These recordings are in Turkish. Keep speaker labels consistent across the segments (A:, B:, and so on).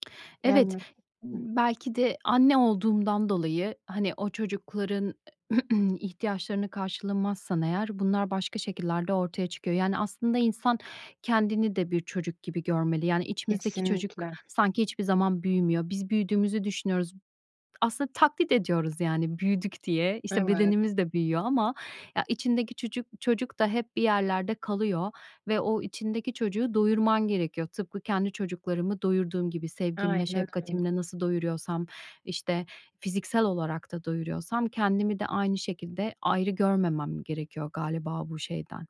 A: Evet,
B: Yani Hıh.
A: mmm, belki de anne olduğumdan dolayı, hani, o çocukların ihtiyaçlarını karşılamazsan eğer bunlar başka şekillerde ortaya çıkıyor. Yani, aslında insan kendini de bir çocuk gibi görmeli. Yani, içimizdeki çocuk
B: Kesinlikle.
A: sanki hiçbir zaman büyümüyor. Biz büyüdüğümüzü düşünüyoruz. Aslında taklit ediyoruz, yani, büyüdük diye. İşte,
B: Evet.
A: bedenimiz de büyüyor ama ya, içindeki çucu çocuk da hep bir yerlerde kalıyor ve o içindeki çocuğu doyurman gerekiyor. Tıpkı kendi çocuklarımı doyurduğum gibi. Sevgimle,
B: Aynen öyle.
A: şefkatimle nasıl doyuruyorsam, işte, fiziksel olarak da doyuruyorsam kendimi de aynı şekilde ayrı görmemem gerekiyor galiba bu şeyden,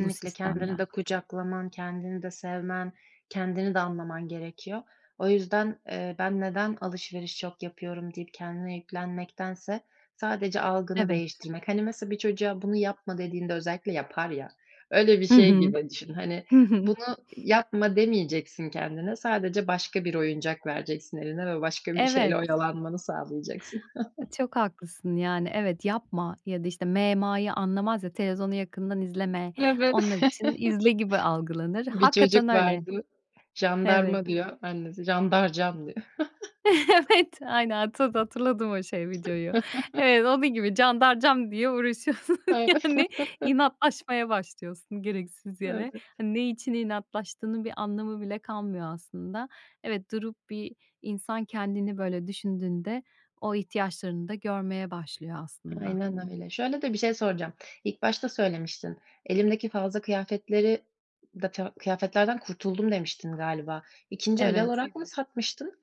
A: bu
B: Kendini de
A: sistemden.
B: kucaklaman, kendini de sevmen, kendini de anlaman gerekiyor. O yüzden, eee, "Ben neden alışveriş çok yapıyorum?" deyip kendine yüklenmektense sadece algını
A: Evet.
B: değiştirmek. Hani, nasıl bir çocuğa, "Bunu yapma." dediğinde özellikle yapar ya, öyle bir
A: Hı
B: şey
A: hı.
B: gibi düşün. Hani,
A: Hı hı.
B: "Bunu yapma." demeyeceksin kendine, sadece başka bir oyuncak vereceksin eline ve başka bir şeyle
A: Evet.
B: oyalanmanı sağlayacaksın.
A: Çok haklısın. Yani, evet yapma ya da işte -me -ma'yı anlamaz ya. "Televizyonu yakından izleme." Onlar
B: Evet.
A: için, "İzle." gibi algılanır.
B: Bir
A: Hakikaten
B: çocuk
A: öyle.
B: vardı.
A: Evet.
B: "Jandarma." diyor annesi. "Jandarcam." diyor.
A: Evet! Aynen. Tabii, hatırladım o şey videoyu. Evet, onun gibi candarcam diye uğraşıyorsun
B: Evet.
A: yani inatlaşmaya başlıyorsun gereksiz yere.
B: Evet.
A: Hani, ne için inatlaştığının bir anlamı bile kalmıyor aslında. Evet, durup bir insan kendini böyle düşündüğünde o ihtiyaçlarını da görmeye başlıyor aslında.
B: Aynen öyle. Şöyle de bir şey soracağım, ilk başta söylemiştin, "Elimdeki fazla kıyafetleri da ta kıyafetlerden kurtuldum." demiştin galiba. 2'nci el
A: Evet.
B: olarak mı satmıştın?